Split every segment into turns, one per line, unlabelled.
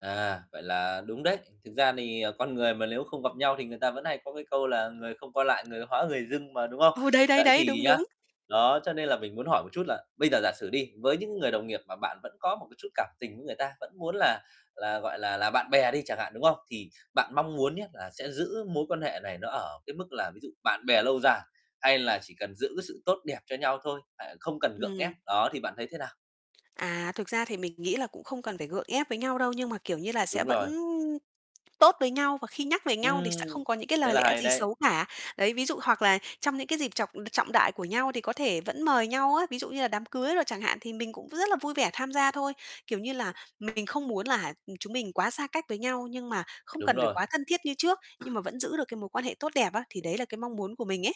À, vậy là đúng đấy. Thực ra thì, ờ, con người mà nếu không gặp nhau thì người ta vẫn hay có cái câu là "Người không qua lại, người hóa người dưng" mà, đúng không?
Ồ, đấy, đấy,
Vậy
đấy,
thì
đúng,
nhá
đúng.
đó, cho nên là mình muốn hỏi một chút là bây giờ giả sử đi, với những cái người đồng nghiệp mà bạn vẫn có một cái chút cảm tình với người ta, vẫn muốn là là, gọi là là, bạn bè đi chẳng hạn, đúng không? Thì bạn mong muốn nhá, là sẽ giữ mối quan hệ này nó ở cái mức là ví dụ bạn bè lâu dài hay là chỉ cần giữ cái sự tốt đẹp cho nhau thôi, à, không cần gượng ép?
Ừm.
Đó, thì bạn thấy thế nào?
À, thực ra thì mình nghĩ là cũng không cần phải gượng ép với nhau đâu, nhưng mà, kiểu như là, sẽ
Đúng
vẫn
rồi.
tốt với nhau và khi nhắc về nhau thì
Ừm,
sẽ không có những cái
thế
lời
là
lẽ
hay
gì
đấy.
xấu cả. Đấy, ví dụ hoặc là trong những cái dịp trọng trọng đại của nhau thì có thể vẫn mời nhau á, ví dụ như là đám cưới đồ chẳng hạn thì mình cũng rất là vui vẻ tham gia thôi. Kiểu như là, mình không muốn là, ừm, chúng mình quá xa cách với nhau nhưng mà không
Đúng
cần phải
rồi.
quá thân thiết như trước, nhưng mà vẫn giữ được cái mối quan hệ tốt đẹp á. Thì đấy là cái mong muốn của mình ấy.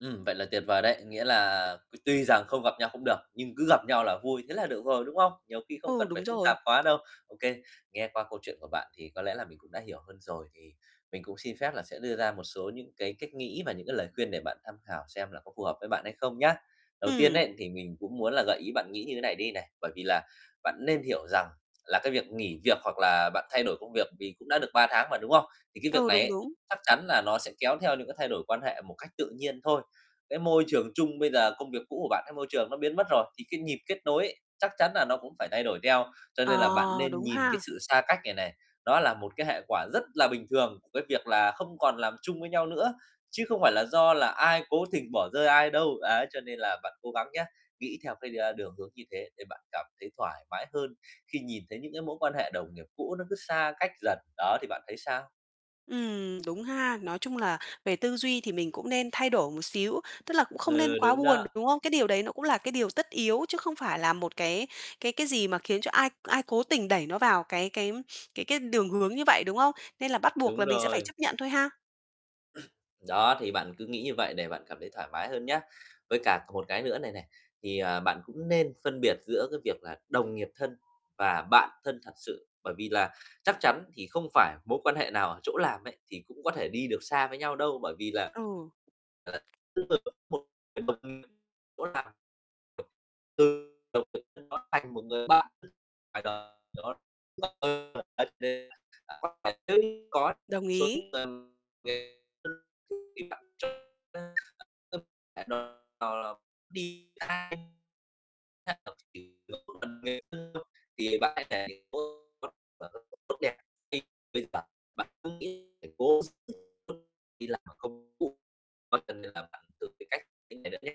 Ừm, vậy là tuyệt vời đấy. Nghĩa là tuy rằng không gặp nhau cũng được, nhưng cứ gặp nhau là vui, thế là được rồi, đúng không? Nhiều khi không
Ừ,
cần phải
đúng
phức
rồi.
tạp quá đâu. OK, nghe qua câu chuyện của bạn thì có lẽ là mình cũng đã hiểu hơn rồi, thì mình cũng xin phép là sẽ đưa ra một số những cái cách nghĩ và những cái lời khuyên để bạn tham khảo xem là có phù hợp với bạn hay không nhá. Đầu tiên
Ừm.
ấy, thì mình cũng muốn là gợi ý bạn nghĩ như thế này đi này, bởi vì là bạn nên hiểu rằng là cái việc nghỉ việc hoặc là bạn thay đổi công việc thì cũng đã được 3 tháng mà, đúng không? Thì cái việc
Ừ,
này
đúng,
ấy,
đúng.
chắc chắn là nó sẽ kéo theo những cái thay đổi quan hệ một cách tự nhiên thôi, cái môi trường chung bây giờ công việc cũ của bạn cái môi trường nó biến mất rồi thì cái nhịp kết nối ấy, chắc chắn nà nó cũng phải thay đổi theo. Cho
Ờ,
nên là bạn nên
đúng
nhìn cái
ha.
sự xa cách này này, đó là một cái hệ quả rất là bình thường của cái việc là không còn làm chung với nhau nữa, chứ không phải là do là ai cố tình bỏ rơi ai đâu. Đấy, cho nên là bạn cố gắng nhá, nghĩ theo cái, a, đường hướng như thế để bạn cảm thấy thoải mái hơn khi nhìn thấy những cái mối quan hệ đồng nghiệp cũ nó cứ xa cách dần. Đó, thì bạn thấy sao?
Ừm, đúng ha, nói chung là về tư duy thì mình cũng nên thay đổi một xíu, tức là cũng không nên
Ừ,
quá
đúng
buồn,
đó.
đúng không? Cái điều đấy nó cũng là cái điều tất yếu chứ không phải là một cái cái cái gì mà khiến cho ai ai cố tình đẩy nó vào cái cái cái cái đường hướng như vậy, đúng không? Nên là bắt buộc
Đúng
là mình sẽ phải
rồi.
chấp nhận thôi ha.
Đó, thì bạn cứ nghĩ như vậy để bạn cảm thấy thoải mái hơn nhá. Với cả còn một cái nữa này này, thì, à, bạn cũng nên phân biệt giữa cái việc là đồng nghiệp thân và bạn thân thật sự, bởi vì là chắc chắn thì không phải mối quan hệ nào ở chỗ làm ấy, thì cũng có thể đi được xa với nhau đâu. Bởi vì là
Ừ.
là [unintelligible] từ đồng nghiệp sau đó thành một bạn ngoài đời
Đồng ý.
[unintelligible] Tốt đẹp. Thì bây giờ bạn cứ nghĩ phải cố hết sức [unintelligible]